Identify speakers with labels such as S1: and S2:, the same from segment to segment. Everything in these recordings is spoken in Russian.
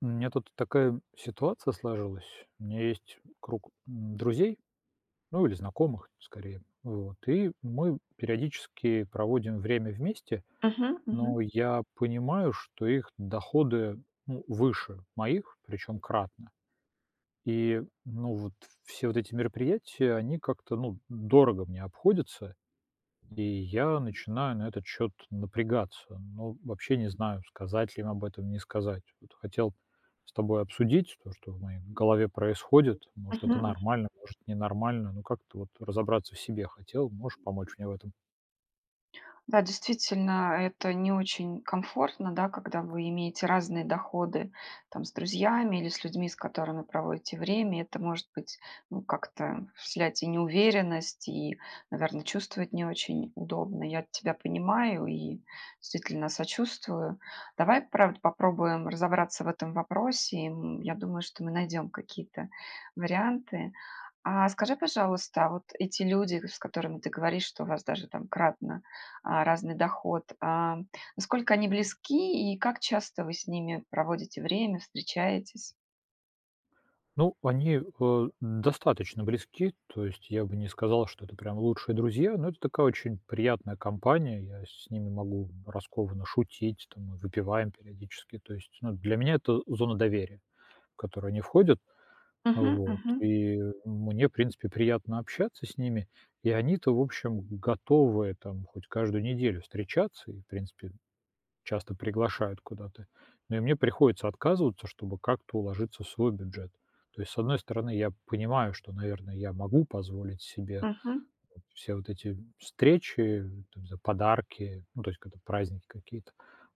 S1: У меня тут такая, ситуация сложилась. У меня есть круг друзей. Ну, или знакомых, скорее, вот. И мы периодически проводим время вместе.
S2: Мгм, мгм.
S1: Но я понимаю, что их доходы, ну, выше моих, причём кратно. И, ну вот, все вот эти мероприятия они как-то, ну, дорого мне обходятся. И я начинаю на этот счёт напрягаться. Но вообще не знаю, сказать ли им об этом- не сказать. Вот хотел с тобой обсудить то, что в моей голове происходит. Может,
S2: Мгм,
S1: это
S2: мгм.
S1: нормально, может, ненормально. Ну, как-то, вот, разобраться в себе хотел, можешь помочь мне в этом?
S2: Да, действительно, это не очень комфортно, да, когда вы имеете разные доходы, там, с друзьями или с людьми, с которыми проводите время. Это может быть, ну, как-то вселять и неуверенность, и, наверно, чувствовать не очень удобно. Я тебя понимаю и, действительно, сочувствую. Давай, правда, попробуем разобраться в этом вопросе. И, м, я думаю, что мы найдем какие-то варианты. А, скажи, пожалуйста, а вот эти люди, с которыми ты говоришь, что у вас даже там кратно, а, разный доход, а, насколько они близки, и как часто вы с ними проводите время, встречаетесь?
S1: Ну, они, а, достаточно близки, то есть я бы не сказал, что это прям лучшие друзья, но это такая очень приятная компания. Я с ними могу раскованно шутить, там, мы выпиваем периодически. То есть, ну, для меня это зона доверия, в которую они входят. А,
S2: Мгм,
S1: вот.
S2: мгм.
S1: И мне, в принципе, приятно общаться с ними, и они-то, в общем, готовы там хоть каждую неделю встречаться и, в принципе, часто приглашают куда-то. Но и мне приходится отказываться, чтобы как-то уложиться в свой бюджет. То есть с одной стороны, я понимаю, что, наверное, я могу позволить себе
S2: Мгм.
S1: вот все вот эти встречи, там, не знаю, подарки, ну, то есть когда праздники какие-то,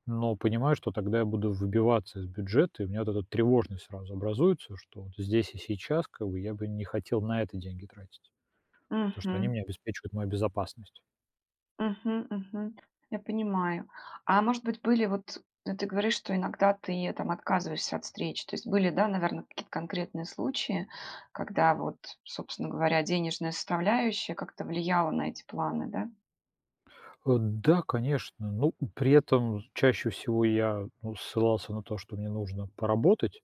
S1: но понимаю, что тогда я буду выбиваться из бюджета. И у меня вот эта тревожность сразу образуется, что вот здесь и сейчас как бы я бы не хотел на это деньги тратить. То, что они
S2: Мгм.
S1: мне обеспечивают мою безопасность.
S2: Мгм. Мгм. Я понимаю. А, может быть, были вот, ты говоришь, что иногда ты, там, отказываешься от встреч. То есть были, да, наверно, какие-то конкретные случаи, когда вот, собственно говоря, денежная составляющая как-то влияла на эти планы, да?
S1: Э, да, конечно. Ну, при этом з чаще всего я, ну, ссылался на то, что мне нужно поработать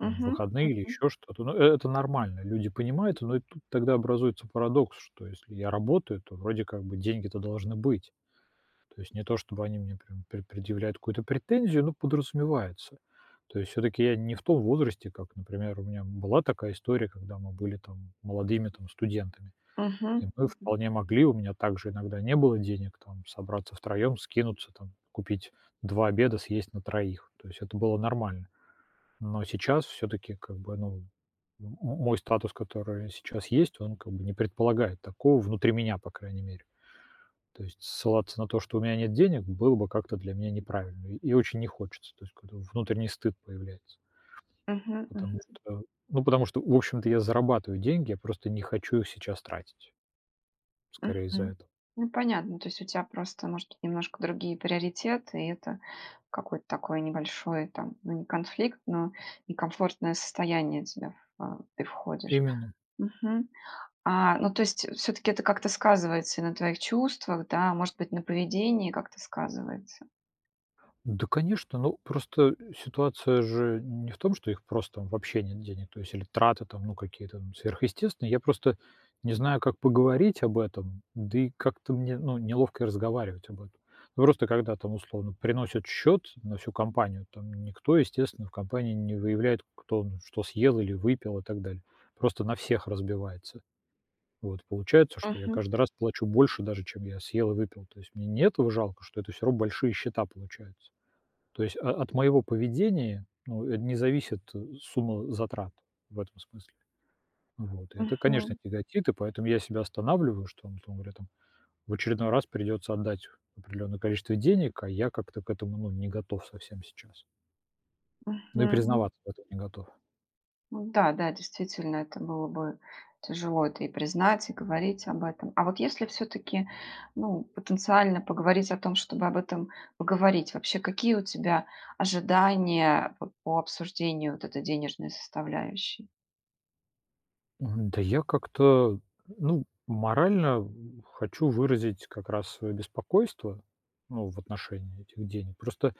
S1: там в выходные или
S2: Мгм.
S1: еще что-то. Ну, э это нормально. Люди понимают, но и тут тогда образуется парадокс, что если я работаю, то вроде как бы деньги-то должны быть. То есть не то чтобы они мне прям пре предъявляют какую-то претензию, но подразумевается. То есть всё-таки я не в том возрасте, как, например, у меня, м, была такая история, когда мы были там молодыми, там, студентами. И
S2: Мгм.
S1: мы
S2: Мгм.
S1: вполне могли у меня также иногда не было денег там собраться втроем, скинуться, там, купить 2 обеда, съесть на 3. То есть это было нормально. Но сейчас всё-таки как бы, ну, м мой статус, который сейчас есть, он как бы не предполагает такого, внутри меня, по крайней мере. То есть ссылаться на то, что у меня нет денег, было бы как-то для меня неправильно и очень не хочется. То есть какой-то внутренний стыд появляется.
S2: Мгм,
S1: Потому
S2: мгм.
S1: что ну, потому что, в общем-то, я зарабатываю деньги, я просто не хочу их сейчас тратить. Скорее из-за
S2: Мгм.
S1: этого.
S2: Ну, понятно, то есть у тя просто может немножко другие приоритеты, и это какой-то такой небольшой там, ну, не конфликт, но некомфортное состояние тебе в, а, ты входишь.
S1: Именно.
S2: Мгм. А, ну, то есть всё-таки это как-то сказывается и на твоих чувствах, да, может быть, на поведении как-то сказывается?
S1: Да, конечно. Ну, просто ситуация же не в том, что их просто, м, вообще нет денег. То есть или траты там, ну, какие-то сверхъестественные. Я просто не знаю, как поговорить об этом, да и как-то мне, ну, неловко разговаривать об этом. Просто когда там, условно, приносят счёт на всю компанию, там никто, естественно, в компании не выявляет, кто он что съел или выпил и так далее. Просто на всех разбивается. Вот получается, что я
S2: Мгм.
S1: каждый раз плачу больше даже, чем я съел и выпил. То есть мне не этого жалко, что это всё равно большие счета получаются. То есть, а, от моего поведения, ну, э, не зависит сумма затрат в этом смысле, вот. Это, конечно,
S2: Мгм.
S1: тяготит, и поэтому я себя останавливаю, что, там, условно говоря, там в очередной раз придется отдать определенное количество денег, а я как-то к этому, ну, не готов совсем сейчас. Ну, и
S2: Мгм.
S1: признаваться в этом не готов.
S2: М-да, да, действительно, это было бы тяжело это и признать, и говорить об этом. А вот если всё-таки, ну, потенциально поговорить о том, чтобы об этом поговорить, вообще какие у тебя ожидания по по обсуждению вот этой денежной составляющей?
S1: Мгм. Да я как-то, ну, морально хочу выразить как раз, свое беспокойство, ну, в отношении этих денег. Просто,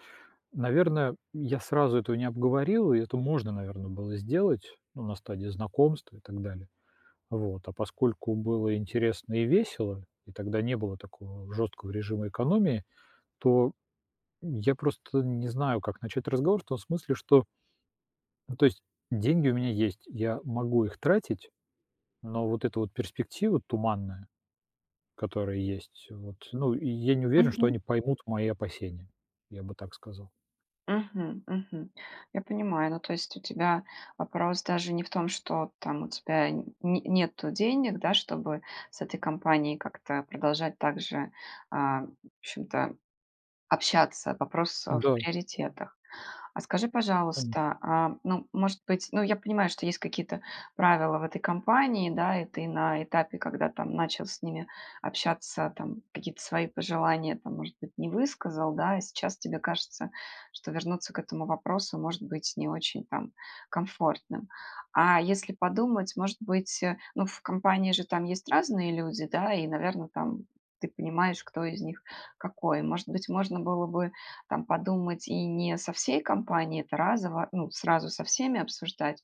S1: наверное, я сразу этого не обговорил, и это можно, наверное, было сделать, ну, на стадии знакомства и так далее, вот. А поскольку было интересно и весело и тогда не было такого жёсткого режима экономии, то н я просто не знаю, как начать разговор в том смысле, что ну, то есть деньги у меня есть, я могу их тратить, но вот эта вот перспектива туманная, которая есть, вот ну, я не уверен, что
S2: Мгм.
S1: они поймут мои опасения, я бы так сказал.
S2: Мгм, мгм. Я понимаю, ну, то есть, у тебя вопрос даже не в том, что там у тебя не нету денег, да, чтобы с этой компанией как-то продолжать также, а, в общем-то общаться, вопрос, э, в
S1: Да.
S2: приоритетах. А скажи,
S1: Конечно.
S2: пожалуйста, а, ну, может быть, ну, я понимаю, что есть какие-то правила в этой компании, да, это и на этапе, когда там начал с ними общаться, там, какие-то свои пожелания, там, может быть, не высказал, да, а сейчас тебе кажется, что вернуться к этому вопросу может быть не очень, там, комфортным. А если подумать, может быть, э, ну, в компании же там есть разные люди, да. И, наверно, там, ты понимаешь, кто из них какой. Может быть, можно было бы, там, подумать, и не со всей компанией это разово, ну, сразу со всеми обсуждать,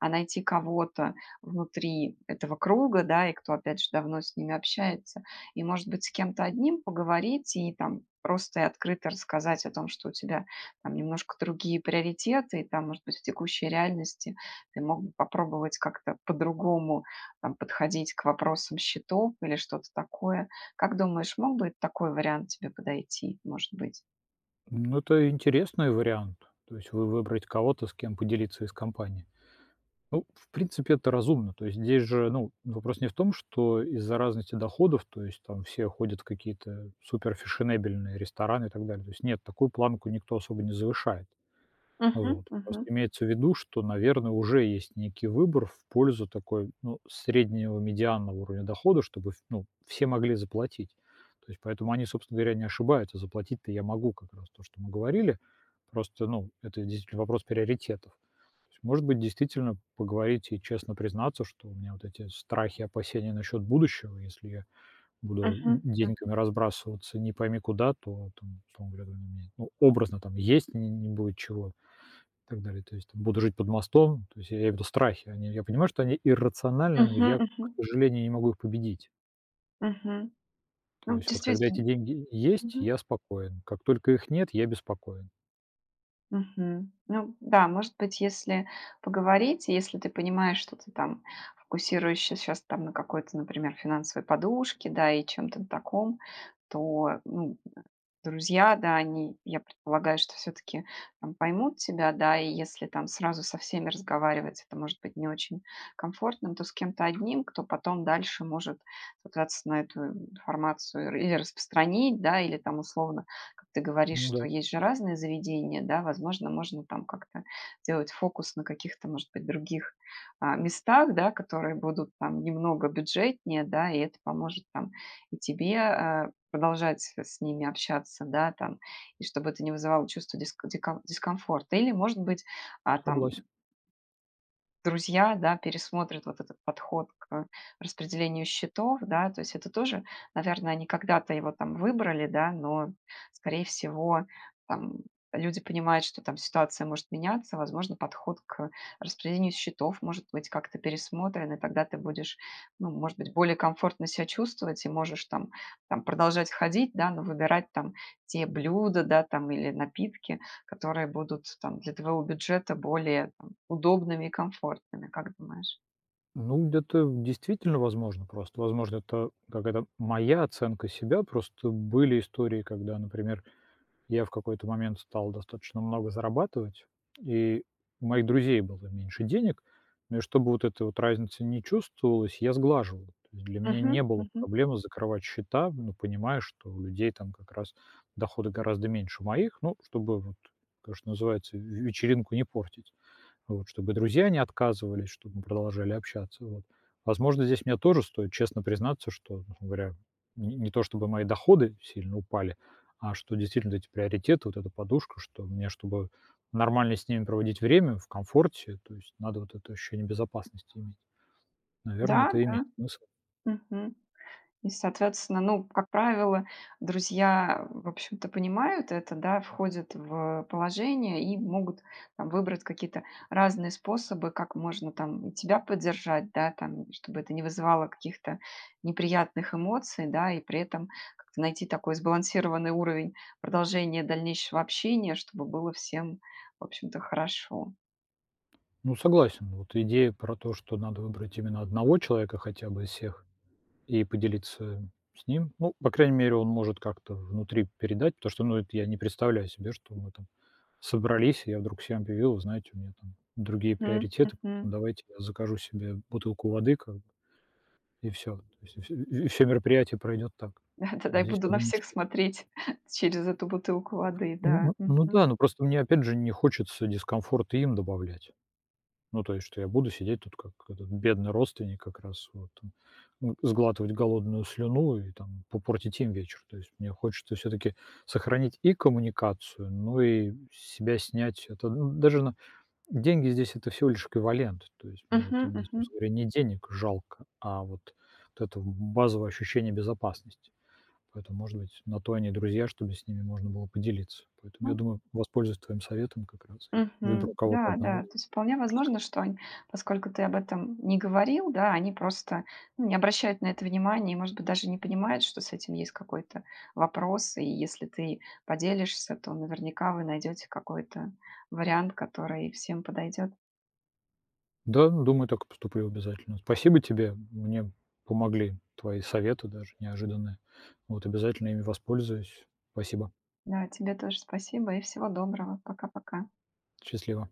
S2: а найти кого-то внутри этого круга, да, и кто опять же давно с ними общается. И, может быть, с кем-то одним поговорить, и, там, просто и открыто рассказать о том, что у тебя, там, немножко другие приоритеты, и там, может быть, в текущей реальности ты мог бы попробовать как-то по-другому, там, подходить к вопросам счетов или что-то такое. Как думаешь, мог бы такой вариант тебе подойти, может быть?
S1: Ну, это интересный вариант. То есть, вы выбрать кого-то, с кем поделиться из компании. Ну, в принципе, это разумно. То есть здесь же, ну, вопрос не в том, что из-за разности доходов, то есть, там, все ходят в какие-то суперфешенебельные рестораны и так далее. То есть, нет. Такую планку никто особо не завышает.
S2: Мгм,
S1: Вот. Просто
S2: мгм.
S1: имеется в виду, что, наверно, уже есть некий выбор в пользу такой, ну, среднего медианного уровня дохода, чтобы, ф ну, все могли заплатить. То есть поэтому они, собственно говоря, не ошибаются. Заплатить-то я могу, как раз, то, что мы говорили. Просто, ну, это действительно вопрос приоритетов. То есть, может быть, действительно поговорить и честно признаться, что у меня, вот, эти страхи и опасения насчёт будущего. Если я буду д
S2: Мгм, мгм.
S1: деньгами разбрасываться не пойми куда, то, там, условно говоря, ну, образно, там, есть не будет чего и так далее. То есть, там, буду жить под мостом. То есть, я имею в виду страхи. А не Я понимаю, что они иррациональны, но
S2: Мгм
S1: я, к
S2: мгм.
S1: сожалению, не могу их победить.
S2: Мгм.
S1: То
S2: Ну,
S1: есть, вот, когда эти
S2: действительно.
S1: деньги есть,
S2: Мгм.
S1: я спокоен, как только их нет, я беспокоен.
S2: Мгм. Ну да, может быть, если поговорить, и если ты понимаешь, что ты там фокусируешься щас на какой-то, например, финансовой подушке, да, и чем-то таком, то, ну, друзья, да, они, я предполагаю, что всё-таки, там, поймут тебя, да. И, если там сразу со всеми разговаривать, это может быть не очень комфортным. То с кем-то одним, кто потом дальше может сослаться на эту информацию, и или распространить, да, или там условно, как ты говоришь,
S1: Ну
S2: что
S1: да.
S2: есть же разные заведения, да, возможно, можно, там, как-то сделать фокус на каких-то, может быть, других, а, местах, да, которые будут там немного бюджетнее, да, и это поможет, там, и тебе, э, продолжать с с ними общаться, да, там, и чтобы это не вызывало чувство дис ди дискомфорта. Или, может быть, а, там
S1: Согласен.
S2: друзья, да, пересмотрят вот этот подход к распределению счетов, да. То есть это тоже, наверно, они когда-то его, там, выбрали, да. Но, скорее всего, там люди понимают, что там ситуация может меняться, возможно, подход к распределению счетов может быть как-то пересмотрен. И тогда ты будешь, ну, может быть, более комфортно ся чувствовать и можешь там там продолжать ходить, да. Но выбирать там те блюда, да, там или напитки, которые будут там для твоего бюджета более там удобными и комфортными, как думаешь?
S1: Ну ведь это, действительно, возможно. Просто, возможно, это какая-то моя оценка себя. Просто были истории, когда, например, я в какой-то момент стал достаточно много зарабатывать, и у моих друзей было меньше денег. Ну, и чтобы вот этой вот разницы не чувствовалось, я сглаживал. То есть для меня
S2: Мгм,
S1: не было
S2: мгм.
S1: проблемой закрывать счета, ну, понимая, что у людей, там, как раз доходы гораздо меньше моих. Ну, чтобы, вот, то, что называется, "в вечеринку не портить". Вот. Чтобы друзья не отказывались, чтобы мы продолжали общаться, вот. Возможно, здесь мне тоже стоит честно признаться, что, говоря, н не то чтобы мои доходы сильно упали, а что, действительно, эти приоритеты, вот эта подушка, что мне, чтобы нормально с ними проводить время в комфорте, то есть надо, вот, это ощущение безопасности иметь. Наверно,
S2: Да,
S1: это имеет
S2: да.
S1: смысл.
S2: Мгм. И, соответственно, ну, как правило, друзья, в общем-то, понимают это, да, входят в положение и могут, там, выбрать какие-то разные способы, как можно, там, и тебя поддержать, да, там. Чтобы это не вызывало каких-то неприятных эмоций, да, и при этом как-то найти такой сбалансированный уровень продолжения дальнейшего общения, чтобы было всем, в общем-то, хорошо.
S1: Ну, согласен. Вот идея про то, что надо выбрать именно 1 человека хотя бы из всех- и поделиться с ним. Ну, по крайней мере, он может как-то внутри передать. Потому что, ну это, я не представляю себе, что мы там собрались, и я вдруг всем объявил: "Вы знаете, у меня там другие
S2: Мгм,
S1: приоритеты,
S2: мгм.
S1: поэтому давайте я закажу себе бутылку воды", как бы и всё. То есть вс вс всё мероприятие пройдёт так. То
S2: Тогда
S1: есть
S2: я
S1: здесь,
S2: буду
S1: я
S2: на
S1: думаю,
S2: всех
S1: что
S2: смотреть через эту бутылку воды,
S1: Ну
S2: да.
S1: ну ну
S2: Мгм.
S1: да. Ну, просто мне, опять же, не хочется дискомфорта им добавлять. Ну, то есть, что я буду сидеть тут, как этот бедный родственник, как раз, вот, там, ну, сглатывать голодную слюну и, там, по портить им вечер. То есть, мне хочется всё-таки сохранить и коммуникацию, ну, и с себя снять это Ну, даже, на Деньги здесь- это всего лишь эквивалент. То есть, мне вот
S2: Мгм,
S1: именно,
S2: мгм.
S1: собственно говоря, не денег жалко, а вот это базовое ощущение безопасности. Поэтому, может быть, на то они и друзья, чтобы с ними можно было поделиться. Поэтому, я думаю, воспользуюсь твоим советом как раз и выберу
S2: Мгм.
S1: кого-то
S2: Да,
S1: 1-
S2: да. То есть,
S1: и
S2: вполне
S1: расскажу.
S2: возможно, что он поскольку ты об этом не говорил, да. Они просто, ну, не обращают на это внимание и, может быть, даже не понимают, что с этим есть какой-то вопрос. И, если ты поделишься, то наверняка вы найдете какой-то вариант, который всем подойдет.
S1: Да, думаю, так и поступлю обязательно. Спасибо тебе, мне помогли твои советы, даже неожиданные, вот, обязательно ими воспользуюсь. Спасибо!
S2: Да, тебе тоже спасибо и всего доброго, пока-пока!
S1: Счастливо.